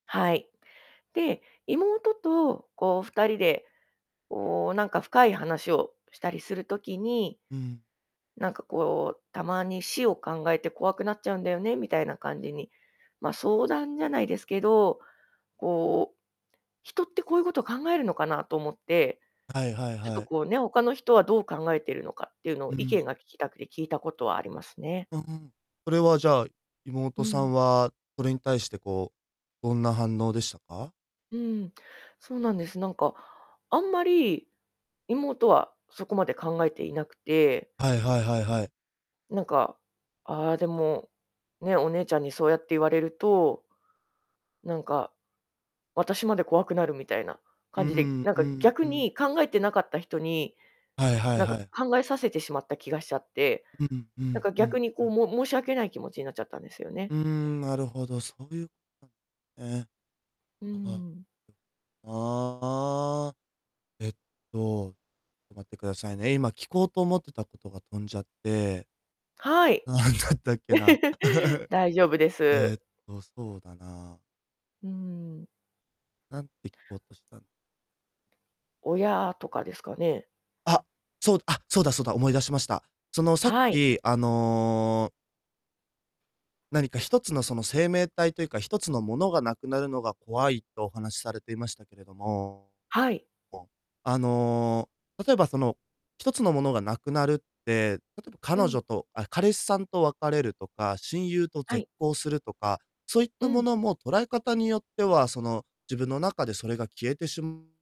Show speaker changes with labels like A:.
A: はい。で、妹と、こう、2人で、こう、なんか深い話をしたりする時に、
B: うん。
A: なんか、こう、「たまに死を考えて怖くなっちゃうんだよね」みたいな感じに、ま、相談じゃないですけど、こう、人ってこういうことを考えるのかなと思って。
B: はいはい
A: ちょっ
B: は
A: と
B: い。
A: こうね、他の人はどう考えてるのかっていうのを
B: う
A: 意
B: ん。
A: 見が聞きたくて聞いたことはありますね。
B: うんうん。それは、じゃあ、
A: う
B: 妹さ
A: ん。
B: んは、それに対して、こう、どんな反応でしたか？
A: うん、そうなんです。なんか、あんまり、妹はそこまで考えていなくて
B: はいはいはいはい。
A: なんか、ああ、でも、ね、「お姉ちゃんにそうやって言われると」「なんか、私まで怖くなる」みたいな
B: うー
A: 感じで、
B: ん、
A: なん
B: う
A: か、
B: ん
A: 逆
B: うん。
A: に考えてなかった人に、
B: はいはい
A: なん
B: は
A: か、
B: い。
A: 考えさせてしまった気がしちゃって。
B: う、うん、う
A: なん
B: ん、
A: か、
B: う
A: 逆
B: ん、
A: に、
B: う
A: こう、
B: ん。
A: も申し訳ない気持ちになっちゃったんですよね。
B: うーん、なるほど、そういう、かん、ねえ。
A: うー
B: あ
A: ん。
B: あ。ああ。えっと、と、待ってくださいね、今聞こうと思ってたことが飛んじゃって
A: はい。
B: 何だったっけな。
A: 大丈夫で
B: えっ
A: す。
B: と、そうだな
A: うーん。
B: 何て聞こうとしたん
A: 親とかですかね。
B: あ、そう、あ、そうだそうだ、思い出しました。その、さっ
A: はい。
B: き、あの何か1つのその生命体というか、1つのものが無くなるのが怖い、とお話されていましたけれども、
A: はい。
B: こう、あの、例えば、その、1つのものが無くなるって、例えば
A: う
B: 彼
A: ん。
B: 女とあ、彼氏さんと別れるとか、親友と
A: は
B: 絶
A: い。
B: 交するとか、そういっ
A: う
B: たも
A: ん。
B: のも捉え方によっては、その、自分の中でそれが消えてし